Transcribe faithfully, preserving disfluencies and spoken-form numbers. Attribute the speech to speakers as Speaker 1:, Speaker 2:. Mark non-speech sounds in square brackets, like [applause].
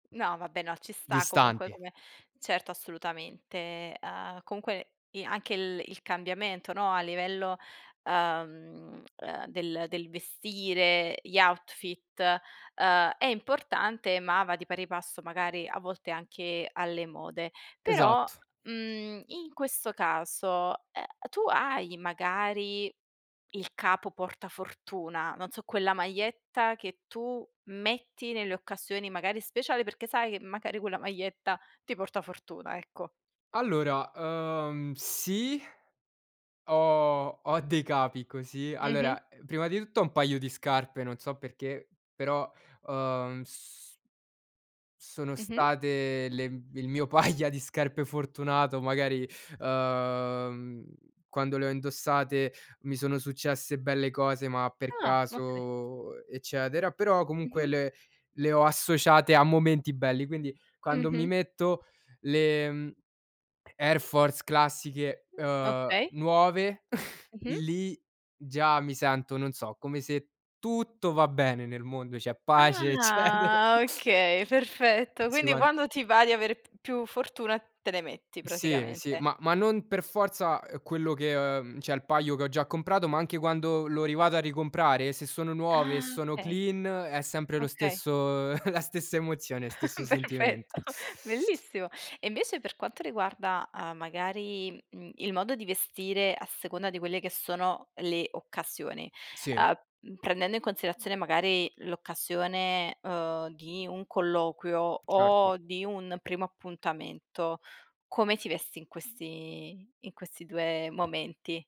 Speaker 1: No, vabbè, no, ci sta comunque
Speaker 2: Distanti.
Speaker 1: come certo, assolutamente. Uhm, comunque i anche il il cambiamento, no, a livello, uhm, uhm, del del vestire, gli outfit, uhm, è importante, ma va di pari passo magari a volte anche alle mode. Però,
Speaker 2: Esatto.
Speaker 1: mhmm, in questo caso, uhm, tu hai magari il capo portafortuna, non so, quella maietta che tu metti nelle occasioni magari speciali perché sai che magari quella maietta ti porta fortuna, ecco.
Speaker 2: Allora, uhm, sì ho ho dei capi così.
Speaker 1: Mh-mh.
Speaker 2: Allora, prima di tutto ho un paio di scarpe, non so perché, però, uhm, s sono
Speaker 1: Mh-mh.
Speaker 2: state le m il mio paia di scarpe fortunato. Magari, uhm, quando le ho indossate mi sono successe belle cose, ma per
Speaker 1: Ah, okay.
Speaker 2: caso, eccetera, però comunque
Speaker 1: Mh-mh.
Speaker 2: le le ho associate a momenti belli. Quindi quando mi
Speaker 1: Mh-mh.
Speaker 2: metto le Air Force classiche,
Speaker 1: Mh,
Speaker 2: uhm,
Speaker 1: okay.
Speaker 2: nuove, [chuckles]
Speaker 1: Mh-mh.
Speaker 2: lì già mi sento, non so, come se tutto va bene nel mondo, c'è pace, eccetera.
Speaker 1: Ah okay, perfetto.
Speaker 2: Sì,
Speaker 1: Quindi
Speaker 2: one
Speaker 1: quando ti va di avere p più fortuna te le metti
Speaker 2: Sì, sì,
Speaker 1: praticamente.
Speaker 2: ma ma non per forza, uhm, quello che, uhm, cioè il paio che ho già comprato, ma anche quando lo rivado a ricomprare, se sono nuove e
Speaker 1: Ah
Speaker 2: sono
Speaker 1: okay,
Speaker 2: clean, è sempre lo
Speaker 1: okay.
Speaker 2: stesso [chuckles] la stessa emozione, stesso sentimento.
Speaker 1: Perfetto,
Speaker 2: [sucks teeth]
Speaker 1: bellissimo. E invece per quanto riguarda, uhm, magari, mhmm, il modo di vestire a seconda di quelle che sono le occasioni.
Speaker 2: Sì.
Speaker 1: Uhm, prendendo in considerazione magari l'occasione, uhm, di un colloquio
Speaker 2: Certo.
Speaker 1: o di un primo appuntamento, come ti vesti in questi in questi due momenti?